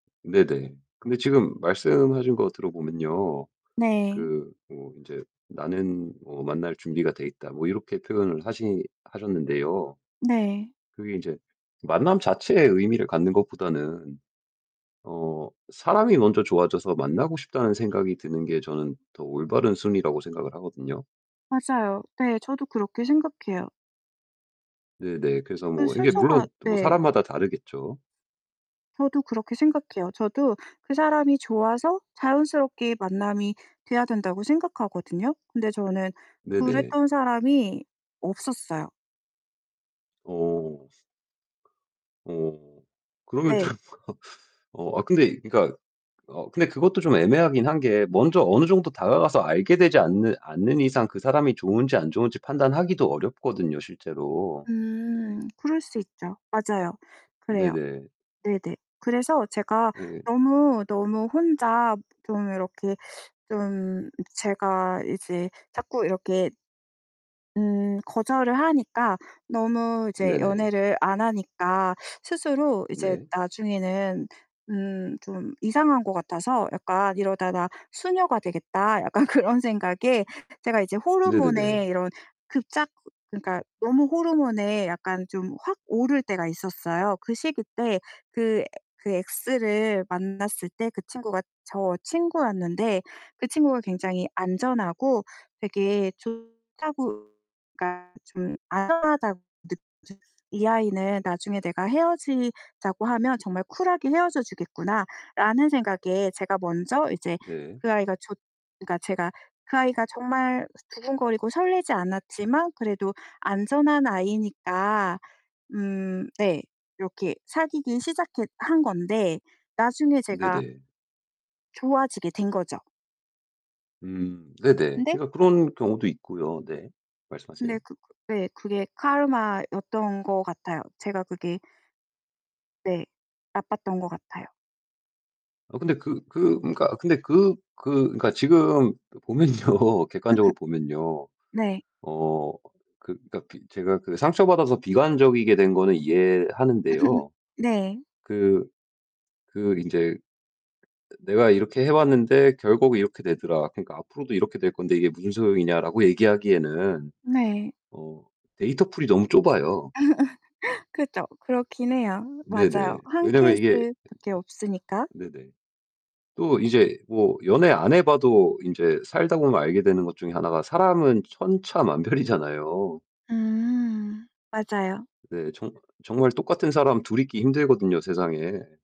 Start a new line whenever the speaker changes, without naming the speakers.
네네. 근데 지금 말씀하신 거 들어보면요.
네.
그 뭐 인제 "나는 뭐 만날 준비가 되어 있다." 뭐 이렇게 표현을 하시 하셨는데요.
네.
그게 인제 만남 자체에 의미를 갖는 것보다는 어 사람이 먼저 좋아져서 만나고 싶다는 생각이 드는 게 저는 더 올바른 순위라고 생각을 하거든요.
맞아요. 네, 저도 그렇게 생각해요.
네 네. 그래서
그
뭐 이게
순서가
물론 뭐
네.
사람마다 다르겠죠.
저도 그렇게 생각해요. 저도 그 사람이 좋아서 자연스럽게 만남이 돼야 된다고 생각하거든요. 근데 저는
네네.
그랬던 사람이 없었어요.
오. 오. 그러면 좀
네.
어 아 근데 그러니까 어 근데 그것도 좀 애매하긴 한 게 먼저 어느 정도 다가가서 알게 되지 않는 않는 이상 그 사람이 좋은지 안 좋은지 판단하기도 어렵거든요 실제로.
음 그럴 수 있죠. 맞아요. 그래요.
네네.
네네. 그래서 제가
예.
너무, 너무 혼자 좀 이렇게 좀 제가 이제 자꾸 이렇게 음 거절을 하니까 너무 이제
네네.
연애를 안 하니까 스스로 이제
네.
나중에는 음 좀 이상한 것 같아서 약간 '이러다가 수녀가 되겠다.' 약간 그런 생각에 제가 이제
네네네.
호르몬에 이런 급작 그니까 너무 호르몬에 약간 좀 확 오를 때가 있었어요. 그 시기 때 그 에 그 엑스를 만났을 때 그 친구가 저 친구였는데 그 친구가 굉장히 안전하고 되게 좋다고 그니까 좀 안전하다고 느껴졌어요. '이 아이는 나중에 내가 헤어지자고 하면 정말 쿨하게 헤어져 주겠구나.'라는 생각에 제가 먼저 이제
네.
그 아이가 좋 그니까 제가 그 아이가 정말 두근거리고 설레지 않았지만 그래도 안전한 아이니까 음 네 이렇게 사귀기 시작했 한 건데 나중에
네
제가
네.
좋아지게 된 거죠.
음. 네 네.
근데
그러니까 그런 경우도 있고요. 네.
근데
말씀하세요.
그 그 예 그게 카르마였던 것 같아요. 제가 그게 네, 나빴던 것 같아요.
어 근데 그 그 그러니까 근데 그 그 그러니까 지금 보면요. 객관적으로 보면요.
네.
어 그 그러니까 비 그 제가 상처받아서 비관적이게 된 거는 이해하는데요.
네.
그, 그 인제 "내가 이렇게 해왔는데 결국 이렇게 되더라. 그러니까 앞으로도 이렇게 될 건데 이게 무슨 소용이냐."라고 얘기하기에는
네.
어 데이터 풀이 너무 좁아요.
그죠. 그렇긴 해요.
네 네.
맞아요. 한
왜냐면
케이스
이게
밖에 없으니까.
네네. 또 이제 뭐 연애 안 해봐도 인제 살다보면 알게 되는 것 중에 하나가 사람은 천차만별이잖아요.
음 맞아요.
네 정 정말 똑같은 사람 둘 있기 힘들거든요 세상에.